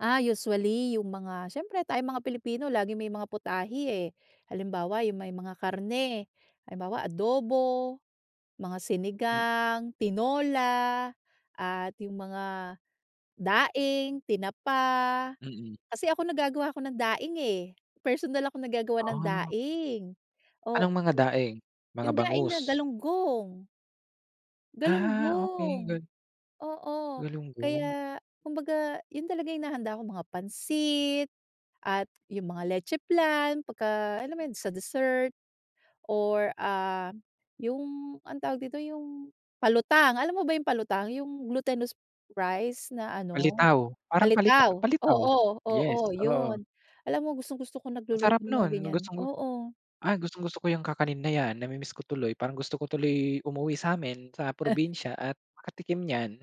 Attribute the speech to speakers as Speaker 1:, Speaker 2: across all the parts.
Speaker 1: Ah, usually yung mga, siyempre tayong mga Pilipino laging may mga putahe, eh. Halimbawa, yung may mga karne, halimbawa adobo, mga
Speaker 2: Mm.
Speaker 1: sinigang, tinola, at yung mga daing, tinapa.
Speaker 2: Mhm.
Speaker 1: Kasi, ako nagagawa ako ng daing, eh, personal akong naggagawa ng
Speaker 2: Ah.
Speaker 1: daing, o o.
Speaker 2: Anong mga daing, mga
Speaker 1: 'Yong daing na
Speaker 2: bangus?
Speaker 1: galunggong.
Speaker 2: Ah, okey,
Speaker 1: Galunggong,
Speaker 2: good.
Speaker 1: oo,
Speaker 2: Galunggong.
Speaker 1: kaya kumbaga, yun talaga yung hinahanda ko, mga pansit at yung mga leche flan. Pagka alam mo yun, sa dessert, or ah, yung anong tawag dito, yung, palutang, alam mo ba yung palutang, yung glutinous rice na ano,
Speaker 2: Palitaw, parang palita-
Speaker 1: palitaw?
Speaker 2: palitaw.
Speaker 1: Oo,
Speaker 2: Yes,
Speaker 1: oo,
Speaker 2: oo.
Speaker 1: yun. Alam mo gustong-gusto ko
Speaker 2: Ang
Speaker 1: nagluluto
Speaker 2: sarap
Speaker 1: ng mga
Speaker 2: nun,
Speaker 1: ganyan,
Speaker 2: gustong-gu
Speaker 1: oo.
Speaker 2: ay, gustong-gusto ko 'yang kakanin na 'yan. Nami-miss ko tuloy, parang gusto ko tuloy umuwi sa'min sa
Speaker 1: Eh.
Speaker 2: probinsya at makatikim niyan.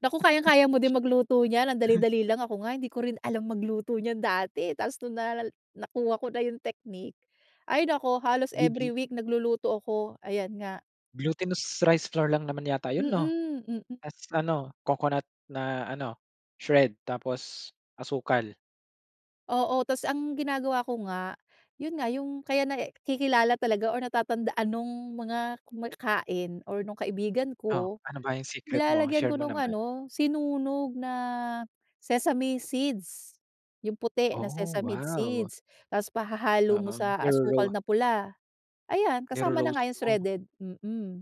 Speaker 1: Naku, kayang-kaya mo din magluto niyan, ang dali-dali lang. Ako nga hindi ko rin alam magluto niyan dati, tapos nung naaral, nakuha ko na yung technique, ay, naku halos every
Speaker 2: Lubi.
Speaker 1: week nagluluto ako, ayan nga.
Speaker 2: Glutinous rice flour lang naman yata yun 'no?
Speaker 1: Mhm, mhm.
Speaker 2: Tapos ano, coconut na ano, shred, tapos asukal.
Speaker 1: Oo, tapos ang ginagawa ko nga, yun nga yung, kaya nai kilala talaga or natatandaan nung mga kumakain or nung kaibigan
Speaker 2: Oh,
Speaker 1: ko,
Speaker 2: ano ba yung secret mo?
Speaker 1: nilalagyan
Speaker 2: Share
Speaker 1: ko
Speaker 2: mo
Speaker 1: nung
Speaker 2: naman.
Speaker 1: ano sinunog na sesame seeds, yung puti na
Speaker 2: Oh,
Speaker 1: sesame
Speaker 2: wow!
Speaker 1: seeds, tapos pahahalo mo
Speaker 2: Oo,
Speaker 1: sa asukal
Speaker 2: niro-ro
Speaker 1: na pula, ayan kasama na nga
Speaker 2: Niro-roast
Speaker 1: yung
Speaker 2: mo.
Speaker 1: shredded, mhm.